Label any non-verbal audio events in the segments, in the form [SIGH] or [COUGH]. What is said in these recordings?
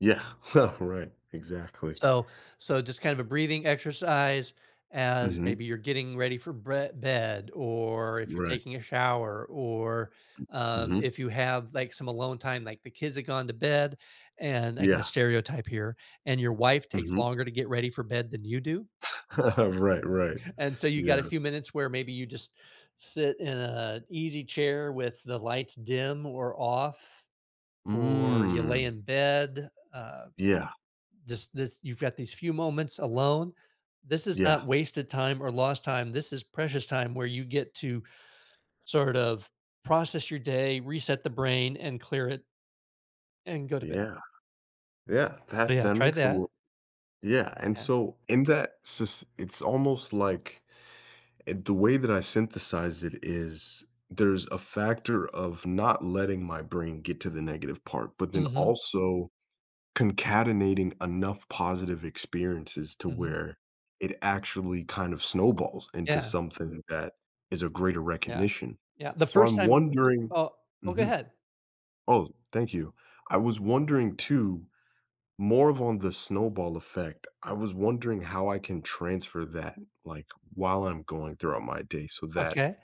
Yeah, huh, right, exactly. So so just kind of a breathing exercise, as Mhm. maybe you're getting ready for brea bed, or if you're Right. taking a shower, or, M m um, hm. if you have, like, some alone time, like the kids have gone to bed, and I can just Yeah. stereotype here, and your wife takes Mhm. longer to get ready for bed than you do? [LAUGHS] Right, right. And so, you got a Yeah. few minutes where maybe you just sit in a easy chair with the lights dim or off, or you lay Mm. in bed, uh, Yeah. just lis you've got these few moments alone, this is Yeah. not wasted time or lost time, this is precious time where you get to sort of process your day, reset the brain and clear it and go to bed. Yeah. Yeah, So that yeah, that try makes a lo that. Yeah, and Yeah. so in that sys it's almost, like and the way that I synthesize it is, there's a factor of not letting my brain get to the negative part, but then Mhm. also concatenating enough positive experiences to Mhm. where it actually kind of snowballs into Yeah. something that is of greater Yeah. recognition. Yeah, the So, 1st I'm time wondering oh oh, go mhm, ahead. oh, thank you. I was wondering too, more of on the snowball effect, I Mm. was wondering how I can transfer that, like, while I'm going throughout my day so that Okay.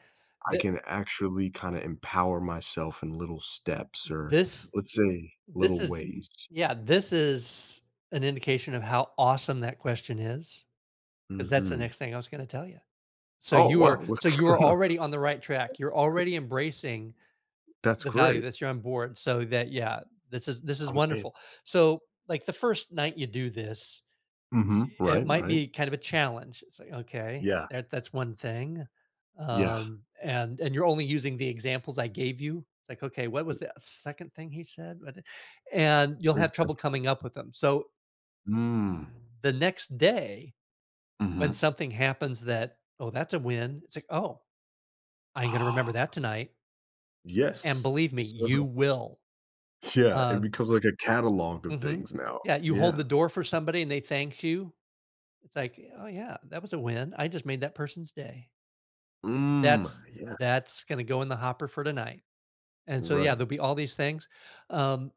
I Thi can actually kinda empower myself in little steps, th or, this let's say, this little is ways. yeah, this is an indication of how awesome that question is, 'cause that's the Mhm. next thing I was gonna tell ya. So, Oh, you are wow, so looks you good, are huh? already on the right track, you're [CHUCKLES] already embracing That's the value, great. that you're on board so that yeah, this is this is I'm in. wonderful, so, like, the 1st night you do this, Mhm, eh, it right, might right. be kind of a challenge, it's like, "Okay, Yeah. that that's one thing," Yeah. um, and and you're only using the examples I gave you, like, "Okay, what was the, uh, 2nd thing he said? What did" And you'll Wait, have that's trouble coming up with 'em, so Mm. the next day, when Mhm. something happens that, "Oh, that's a win," it's like, "Oh, I ain't gonna remember Ah. that tonight." And Yes. believe me, So you will. Yeah, it Um becomes like a catalog of Mhm, things now, yeah, you hold yeah. the door for somebody and they thank you. It's like, "Oh yeah, that was a win, I just made that person's day." Mm, a "That's yes. that's gonna go in the hopper for tonight." And so yeah, Right. there'll be all these things, um